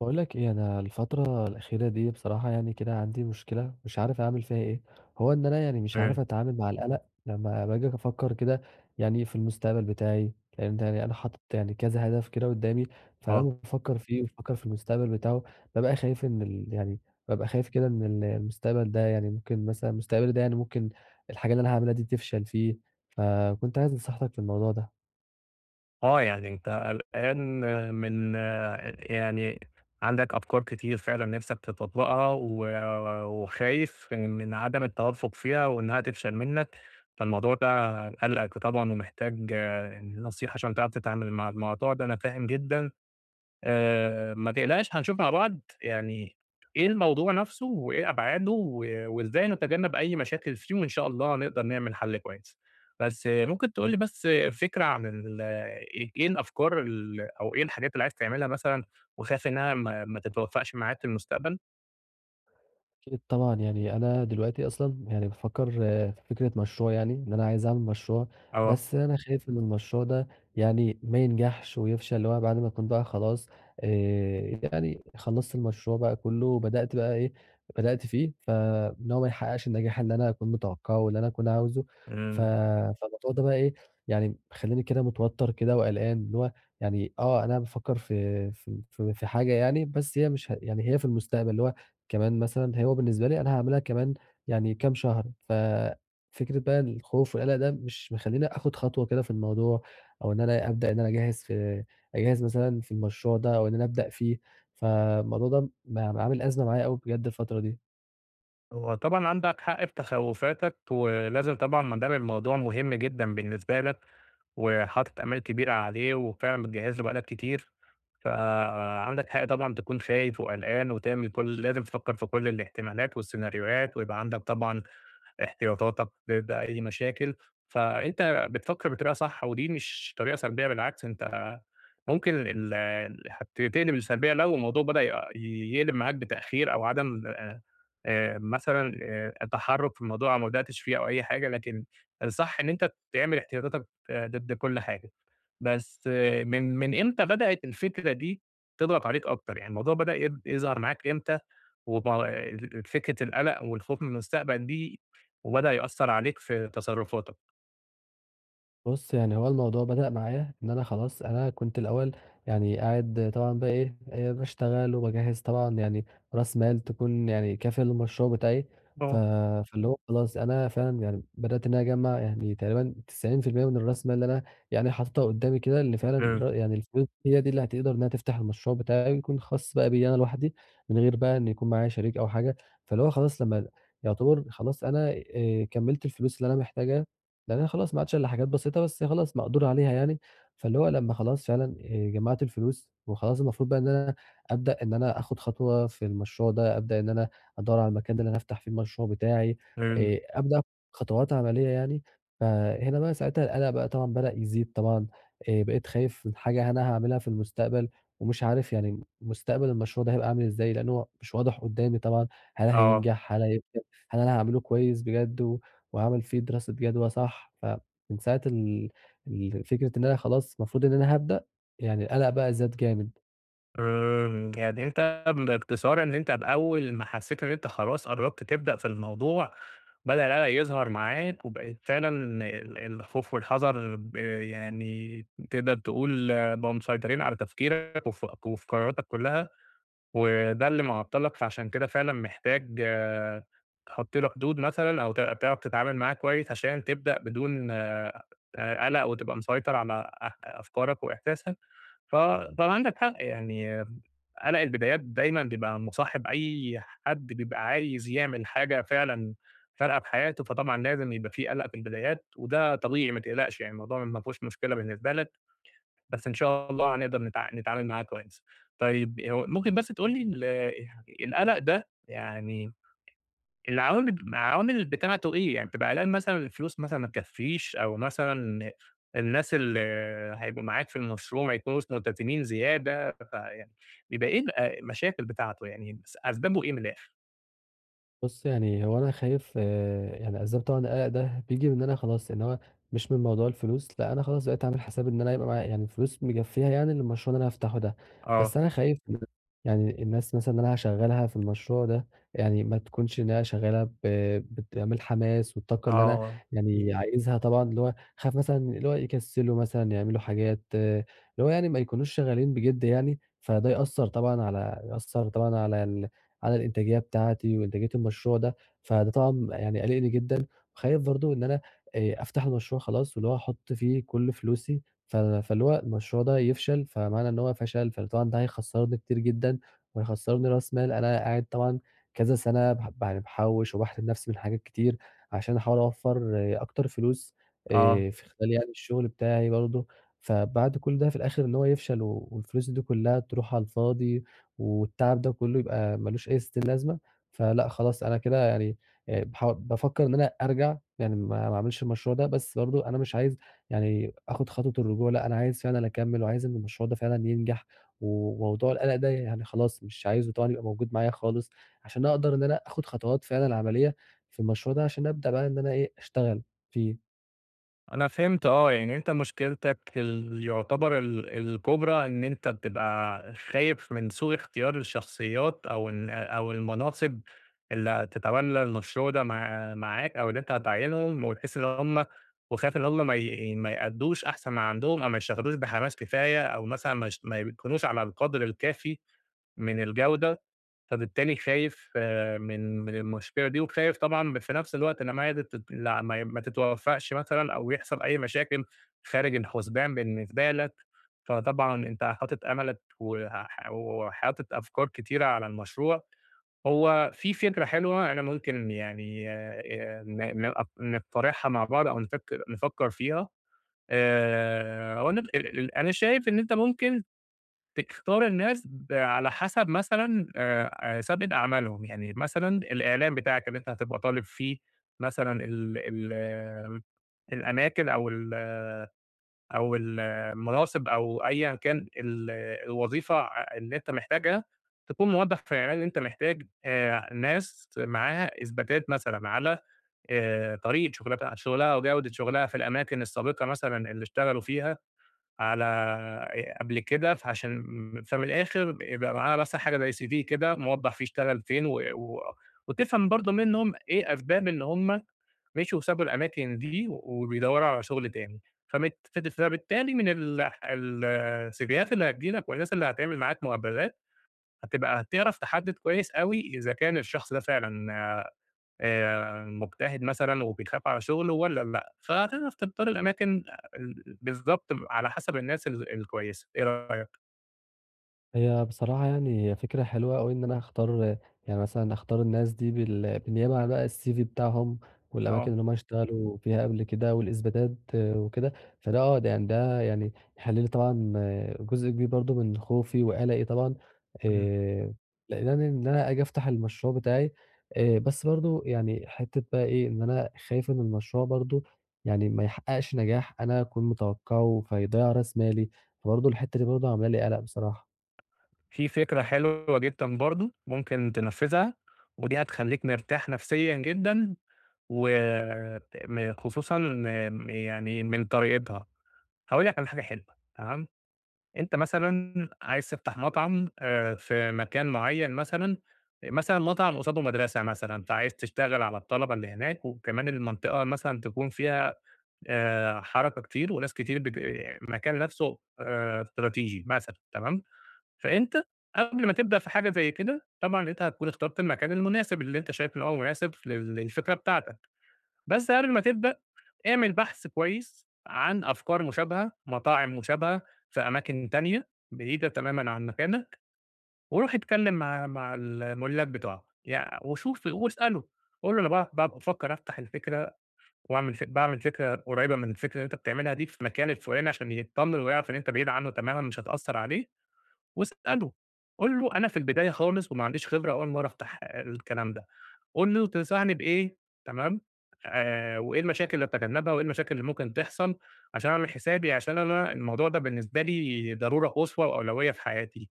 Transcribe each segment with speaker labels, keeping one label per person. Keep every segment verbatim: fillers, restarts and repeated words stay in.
Speaker 1: باقول لك إيه، أنا الفترة الأخيرة دي بصراحة يعني كده عندي مُشكلة، مش عارف أعمل فيها إيه، هو إن أنا يعني مش عارف
Speaker 2: فاهم.
Speaker 1: أتعامل مع القلق، لمّا باجي أفكر كده، يعني في المستقبل بتاعي، فهمت يعني أنا حاطط يعني كذا هدف كده قُدامي، فلمّا
Speaker 2: آه.
Speaker 1: بافكر فيه وأفكر في المُستقبل بتاعُه، بابقى خايف إن ال يعني بابقى خايف كده إن المستقبل ده يعني ممكن مثلًا مستقبلي ده يعني ممكن الحاجة اللي أنا هاعملها دي تفشل فيه، فكنت عايز نصيحتك في الموضوع ده؟
Speaker 2: آه، يعني أنت قلقان من آآ يعني عندك أفكار كتير فعلًا نفسك تتطبقها، و وخايف من عدم التوفق فيها، وإنها تفشل منك، فالموضوع ده قالقك طبعًا ومحتاج ن نصيحة عشان تعرف تتعامل مع الموضوع ده، أنا فاهم جدًا، آآ ما تقلقش هنشوف مع بعض يعني إيه الموضوع نفسُه، وإيه أبعادُه، و وإزاي نتجنب أي مشاكل فيه، وإن شاء الله نقدر نعمل حَلّ كويس، بس ممكن تقول لي بس فكرة عن ال إي إيه الأفكار ال أو إيه الحاجات اللي عايز تعملها مثلًا، وخايف إنها ما ما تتوفَّقش معاك في المستقبل؟
Speaker 1: أكيد طبعًا يعني أنا دلوقتي أصلًا يعني بافكر في فكرة مشروع يعني إن أنا عايز أعمل مشروع،
Speaker 2: آه.
Speaker 1: بس أنا خايف إن المشروع ده يعني ما ينجحش ويفشل اللي هو بعد ما أكون بقى خلاص آآ يعني خلصت المشروع بقى كله بدأت بقى إيه بدأت فيه، فإن هو ما يحققش النجاح اللي أنا أكون متوقعه اللي أنا أكون عاوزه ف
Speaker 2: إمم.
Speaker 1: فالموضوع ده بقى إيه يعني مخليني كده متوتر كده وقلقان، اللي هو يعني آه أنا بافكر في في في حاجة يعني بس هي مش يعني هي في المستقبل اللي هو كمان مثلًا هو بالنسبة لي أنا هاعملها كمان يعني كام شهر، ففكرة بقى الخوف والقلق ده مش مخليني آخد خطوة كده في الموضوع أو إن أنا أبدأ أنا أجهز في أجهز مثلًا في المشروع ده أو إن أنا أبدأ فيه، فالموضوع ده ب عامل أزمة معايا أوي بجد الفترة دي.
Speaker 2: هو طبعًا عندك حق في تخوفاتك، ولازم طبعًا ما دام الموضوع مهم جدًا بالنسبة لك، وحاطط آمال كبيرة عليه وفعلًا بتجهز له بقى لك كتير، فعندك حق طبعًا تكون خايف وقلقان وتعمل كل ال لازم وتفكر في كل الاحتمالات والسيناريوهات ويبقى عندك طبعًا احتياطاتك ب بأي مشاكل، فأنت بتفكر بطريقة صح ودي مش طريقة سلبية بالعكس أنت ممكن ال هت تقلب لسلبية لو الموضوع بدأ يق يقلب معاك بتأخير أو عدم آآ مثلًا آآ التحرُك في الموضوع وما بدأتش فيه أو أي حاجة، لكن الصح إن أنت تعمل احتياطاتك ضد كل حاجة، بس من من إمتى بدأت الفكرة دي تضغط عليك أكتر؟ يعني الموضوع بدأ ي يظهر معاك إمتى وب فكرة القلق والخوف من المستقبل دي وبدأ يأثر عليك في تصرفاتك؟
Speaker 1: بُص يعني هو الموضوع بدأ معايا إن أنا خلاص أنا كنت الأول يعني قاعد طبعًا بقي إيه آآ باشتغل وباجهّز طبعًا يعني رأس مال تكون يعني كافية للمشروع بتاعي، ف
Speaker 2: آه
Speaker 1: فاللي هو خلاص أنا فعلًا يعني بدأت إن أنا أجمّع يعني تقريبًا تسعين في المِيّة من الراس مال اللي أنا يعني حاططها قدامي كده اللي فعلًا
Speaker 2: امم.
Speaker 1: ر يعني الفلوس دي اللي هتقدر إنها تفتح المشروع بتاعي ويكون خاص بقى بيّا أنا لواحدي من غير بقى إن يكون معايا شريك أو حاجة، فاللي هو خلاص لما يعتبر خلاص أنا آآ كملت الفلوس اللي أنا محتاجها، لأن أنا خلاص ما عادش الا حاجات بسيطة بس خلاص مقدور عليها يعني، فاللي هو لما خلاص فعلًا آآ جمعت الفلوس وخلاص المفروض بقى إن أنا أبدأ إن أنا اخد خطوة في المشروع ده، أبدأ إن أنا أدور على المكان ده إن أنا أفتح فيه المشروع بتاعي،
Speaker 2: امم.
Speaker 1: آآ أبدأ آخد خطوات عملية يعني فهنا بقى ساعتها القلق بقى طبعًا بدأ يزيد طبعًا، آآ بقيت خايف من حاجة أنا هاعملها في المستقبل ومش عارف يعني مستقبل المشروع ده هيبقى أعمل إزاي لأن هو مش واضح قدامي طبعًا هل
Speaker 2: آه.
Speaker 1: هينجح هل [unintelligible] هل أنا هاعمله كويس بجد و وهاعمل فيه دراسة جدوى صح فمن ساعة ال ال فكرة إن أنا خلاص المفروض إن أنا هابدأ يعني القلق بقى زاد جامد.
Speaker 2: آآ يعني أنت بإختصار إن أنت بأول ما حَسّيت إن أنت خلاص قربت تبدأ في الموضوع، بدأ القلق يظهر معاك، وبقيت فعلًا ال الخوف والحذر ب يعني تقدر تقول بقوا مسيطرين على تفكيرك، وف وفي قرارتك كُلّها، وده اللي معطلك فعشان كده فعلًا محتاج تحُطّ له حدود مثلًا، أو تع تعرف تتعامل معاه كويس، عشان تبدأ بدون آآ قلق وتبقى مسيطر على أ أفكارك وإحساسك، ف كان عندك حق يعني قلق البدايات دايمًا بيبقى مصاحب أي حد بيبقى عايز يعمل حاجة فعلًا فارقة في حياته، فطبعًا لازم يبقى في قلق في البدايات، وده طبيعي ما تقلقش يعني الموضوع ما فيهوش مشكلة بالنسبة لك، بس إن شاء الله هنقدر نتع نتعامل معاه كويس، طيب هو ممكن بس تقولي ال القلق ده يعني العوامل العوامل بتاعته إيه؟ يعني بتبقى قلقان مثلًا الفلوس مثلًا ما تكفيش، أو مثلًا الناس اللي هيبقوا معاك في المشروع ما يكونوش ملتزمين زيادة، فيع بيبقى إيه ال المشاكل بتاعته يعني بس أسبابُه إيه من الآخر؟
Speaker 1: بُص يعني هو أنا خايف يعني أسباب طبعًا القلق ده بييجي من إن أنا خلاص اللي هو مش من موضوع الفلوس، لأ أنا خلاص بقيت أعمل حساب إن أنا يبقى معايا يعني الفلوس مكفيها يعني للمشروع اللي أنا هافتحه ده،
Speaker 2: آه.
Speaker 1: بس أنا خايف يعني الناس مثلًا اللي أنا هاشغلها في المشروع ده يعني ما تكونش إنها شغالة ب بتعمل حماس والطاقة اللي أنا
Speaker 2: آه.
Speaker 1: يعني عايزها طبعًا اللي هو هاخاف مثلًا اللي هو يكسلوا مثلًا يعملوا حاجات اللي هو يعني ما يكونوش شغالين بجِد يعني، فده يأثّر طبعًا على يأثّر طبعًا على ال على الإنتاجية بتاعتي وانتاجية المشروع ده، فده طبعًا يعني قالقني جدًا وخايف برضه إن أنا آآ أفتح المشروع خلاص واللي هو أحط فيه كل فلوسي ف فاللي هوالمشروع ده يفشل، فمعنى إن هو فشل فطبعًا ده هيخسرّني كتير جدًا وهيخسرّني راس مال أنا قاعد طبعًا كذا سنة بح يعني باحوش وباحرم نَفسي من حاجات كتير، عشان أحاول أوفّر اكتر فلوس
Speaker 2: آه.
Speaker 1: آآ في خلال يعني الشغل بتاعي برضه، فبعد كل ده في الآخر إن هو يفشل و والفلوس دي كلها تروح على الفاضي والتعب ده كله يبقى ما لوش أي ستين لازمة، فلأ خلاص أنا كده يعني آآ ياح بافكر إن أنا أرجع يعني ما ما اعملش المشروع ده بس برضه أنا مش عايز يعني آخد خطوة الرجوع لأ أنا عايز فعلًا أكمّل وعايز إن المشروع ده فعلًا ينجح، وموضوع القلق ده يعني خلاص مش عايزه طبعًا يبقى موجود معايا خالص عشان أقدر إن أنا آخد خطوات فعلًا عملية في المشروع ده عشان أبدأ بقى إن أنا إيه اشتغل فيه.
Speaker 2: أنا فهمت آه يعني أنت مشكلتك ال يعتبر ال الكبرى إن أنت بتبقى خايف من سوء اختيار الشخصيات، أو إن أو المناصب اللي هتتولي المشروع ده مع معاك أو إن أنت هتعينهم وتحس إن هم وخايف إن هم ما ي ما يأدّوش أحسن من عندهم أو ما يشتغلوش بحماس كفاية أو مثلًا ما يش ما يكونوش على القدر الكافي من الجودة، فبالتالي خايف من من المشكلة دي وخايف طبعًا في نفس الوقت إن [unintelligible] ما تتوفقش مثلًا أو يحصل أي مشاكل خارج الحسبان بالنسبة لك، فطبعًا أنت حاطط أملك وح وحاطط أفكار كتيرة على المشروع هو في فكرة حلوة، أنا ممكن يعني آآ ن ن أق نقترحها مع بعض أو نفكر نفكر فيها، آآ هو أنا [unintelligible] أنا شايف إن أنت ممكن تختار الناس على حسب مثلًا آآ آآ سابقة أعمالهم، يعني مثلًا الإعلام بتاعك اللي أنت هتبقى طالب فيه مثلًا ال ال الأماكن أو ال أو ال المناصب أو أيًا كان ال الوظيفة آآ اللي أنت محتاجها، تكون موضح في الإعلان اللي أنت محتاج ناس معاها إثباتات مثلًا على آآ طريقة شغلتها شغلها وجودة شغلها في الأماكن السابقة مثلًا اللي اشتغلوا فيها على آآ قبل كده، عشان فمن الآخر يبقى معاها بس حاجة زي cv كده موضح فيه اشتغل فين و و وتفهم برضه منهم ايه أسباب إن هم مشيوا وسابوا الأماكن دي وبيدوروا على شغل تاني، فبت فبالتالي من ال ال السيفيهات اللي هتيجي لك والناس اللي هتعمل معاك مقابلات، هتبقى هتعرف تحدد كويس أوي إذا كان الشخص ده فعلًا آآ مجتهد مثلًا وبيخاف على شغله والّا لأ، فهتعرف تختار الأماكن بالضبط على حسب الناس ال الكويسة إيه رأيك؟
Speaker 1: هي بصراحة يعني هي فكرة حلوة أوي إن أنا أختار يعني مثلًا أختار الناس دي بال بالنيابة عن بقى الCV بتاعهم والأماكن
Speaker 2: آه.
Speaker 1: اللي هم اشتغلوا فيها قبل كده والإثباتات وكده، فده آه، ده يعني ده يعني يحِل لي طبعًا جزء كبير برضه من خوفي وقَلَقي طبعًا،
Speaker 2: إمم.
Speaker 1: آآ لإن أنا ن اللي أنا آجي أفتح المشروع بتاعي، آآ بس برضه يعني حتّة بقى إيه، إن أنا خايف إن المشروع برضه يعني ما يحقّقش نجاح أنا أكون متوقَّعه فيضيع راس مالي، فبرضه الحتّة دي برضه عاملة لي قَلَق بصراحة.
Speaker 2: في فكرة حلوة جدًا برضه ممكن تنفِّذها، ودي هتخلّيك مرتاح نَفْسيًا جدًا و م خصوصًا إن م يعني من طريقتها. هاقول لك على حاجة حلوة تمام، أنت مثلًا عايز تفتح مطعم آآ في مكان معيّن مثلًا، مثلًا مطعم قصاده مدرسة مثلًا فعايز تشتغل على الطلبة اللي هناك وكمان المنطقة مثلًا تكون فيها آآ حركة كتير وناس كتير بت المكان نَفْسه آآ استراتيجي مثلًا تمام، فأنت قبل ما تبدأ في حاجة زي كده، طبعًا أنت هتكون اخترت المكان المناسب اللي أنت شايف إن هو مناسب ف للفكرة بتاعتك، بس قبل ما تبدأ اعمل بحث كويس عن أفكار مشابهة، مطاعم مشابهة في أماكن تانية بعيدة تمامًا عن مكانك وروح اتكلِّم مع مع المُلّاك بتوعها، يع وشوف واسأله، قُل له أنا باع ب بافكّر أفتح الفكرة واعمل فك باعمل فكرة قريبة من الفكرة اللي أنت بتعملها دي في المكان الفُلاني عشان يتطمن ويعرف إن أنت بعيد عنّه تمامًا مش هتأثّر عليه واسأله، قُل له أنا في البداية خالص وما عنديش خبرة أول مرّة أفتح الكلام ده. قُل له تنصحني بإيه تمام، آآ وإيه المشاكل اللي أتجنّبها وإيه المشاكل اللي ممكن تحصل عشان أعمل حسابي، عشان أنا الموضوع ده بالنسبة لي ضرورة قصوى وأولوية في حياتي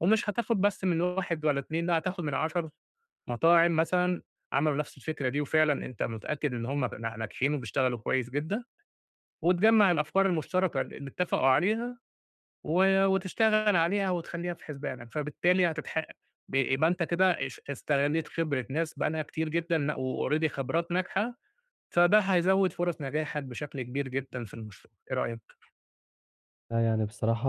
Speaker 2: ومش هتاخُد بس من واحد ولا اتنين، لأ، هتاخُد من عَشَر، مطاعم مثلًا عملوا نَفْس الفكرة دي وفعلًا أنت متأكد إن هم ن ناجحين وبيشتغلوا كويس جدًا وتجمّع الأفكار المُشتركة ل اللي اتّفقوا عليها و وتشتغل عليها وتخلّيها في حسبانك، فبالتالي هتتح ب يبقى أنت كده اش استغلّيت خبرة ناس بقى لها كتير جدًا لأ وalready خبرات ناجحة، فده هيزوِّد فُرَص نجاحك بشكل كبير جدًا في المشروع، إيه رأيك؟
Speaker 1: فيعني بصراحة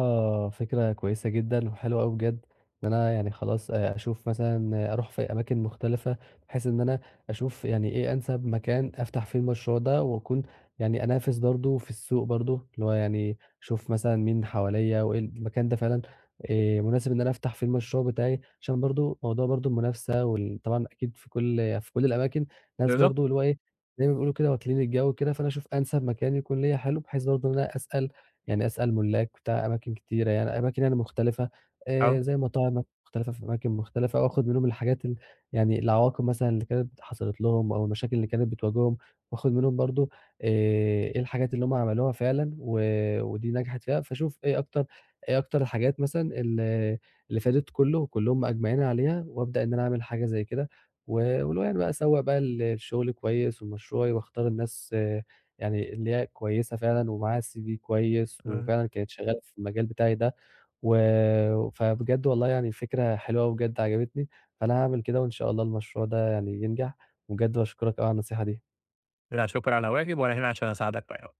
Speaker 1: فكرة كويسة جدًا، وحلوة أوي بجد، إن أنا يعني خلاص آآ أشُوف مثلًا أروح في أماكن مختلفة، بحيث إن أنا أشُوف يعني إيه أنسّب مكان أفتح فيه المشروع ده، وأكون يعني أنافِس برضه في السُّوق برضه، اللي هو يعني أشُوف مثلًا مين حواليَّا، وإيه المكان ده فعلًا آآ مُناسب إن أنا أفتح فيه المشروع بتاعي، عشان برضه موضوع برضه المُنافسة وال طبعًا أكيد في كُلّ في كُلّ الأماكن ناس
Speaker 2: بالضبط.
Speaker 1: برضه اللي هو إيه زي ما بيقولوا كده واكلين الجَو وكده، فأنا أشُوف أنسَب مكان يكون ليّا حلو، بحيث برضه إن أنا أسأل يعني أسأل مُلّاك بتاع أماكِن كتيرة يعني، أماكِن مختلفة آآ
Speaker 2: آه.
Speaker 1: زي مطاعم مختلفة في أماكِن مختلف، أو آخُد منهم الحاجات ال يعني العواقب مثلًا اللي كانت حصلت لهم أو المشاكل اللي كانت بتواجههم، وآخد منهم برضه آآ إيه الحاجات اللي هُم عملوها فعلًا، و ودي نجَحت فيها، فاشوف إيه أكتر إيه اكتر حاجات مثلًا ال اللي فادِت كُلّه، وكُلّهم مأجمعين عليها، وابدأ إن أنا أعمل حاجة زي كده، و واللي هو يعني بقى أسوّق بقى ل لشُغلي كويس ولمشروعي واختار الناس يعني اللي هي كويسة فعلًا ومعاها CV كويس،
Speaker 2: إمم.
Speaker 1: وفعلًا كانت شغّالة في المجال بتاعي ده، و فبجد والله يعني الفكرة حلوة أوي بجد عجبتني، فأنا هاعمل كده وإن شاء الله المشروع ده يعني ينجح، وبجد باشكرك أوي على النصيحة دي.
Speaker 2: لا شكر على واجب، وأنا هنا عشان أساعدك في أي وقت.